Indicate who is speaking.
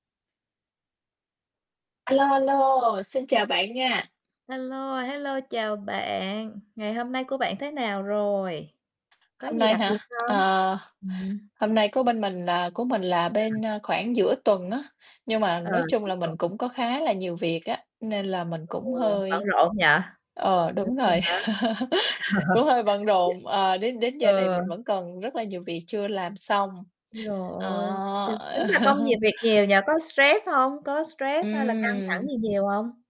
Speaker 1: A lô, a lô, xin chào bạn nha.
Speaker 2: Hello, hello, chào bạn. Ngày hôm nay của bạn thế nào rồi? Có
Speaker 1: Hôm
Speaker 2: gì
Speaker 1: nay
Speaker 2: đặc biệt
Speaker 1: hả?
Speaker 2: không?
Speaker 1: Ờ,
Speaker 2: Ừm.
Speaker 1: hôm nay của bên mình là của mình là bên,
Speaker 2: [unintelligible]
Speaker 1: ơ, khoảng giữa tuần á, nhưng mà
Speaker 2: Ờ,
Speaker 1: nói chung
Speaker 2: giữa
Speaker 1: là
Speaker 2: tuần.
Speaker 1: mình cũng có khá là nhiều việc á, nên là mình
Speaker 2: Ừ,
Speaker 1: cũng
Speaker 2: bận
Speaker 1: hơi
Speaker 2: rộn nhỉ?
Speaker 1: ờ,
Speaker 2: Giữa
Speaker 1: đúng
Speaker 2: tuần
Speaker 1: rồi,
Speaker 2: hả?
Speaker 1: cũng hơi bận
Speaker 2: [unintelligible]
Speaker 1: rộn, ờ, đến đến giờ này
Speaker 2: Ừ.
Speaker 1: mình vẫn còn rất là nhiều việc chưa làm xong,
Speaker 2: Trời
Speaker 1: ờ.
Speaker 2: ơi, [unintelligible] tính ra công nhiều, việc nhiều nhỉ, có stress hông? Có stress hay là căng thẳng
Speaker 1: Ừm.
Speaker 2: gì nhiều hông?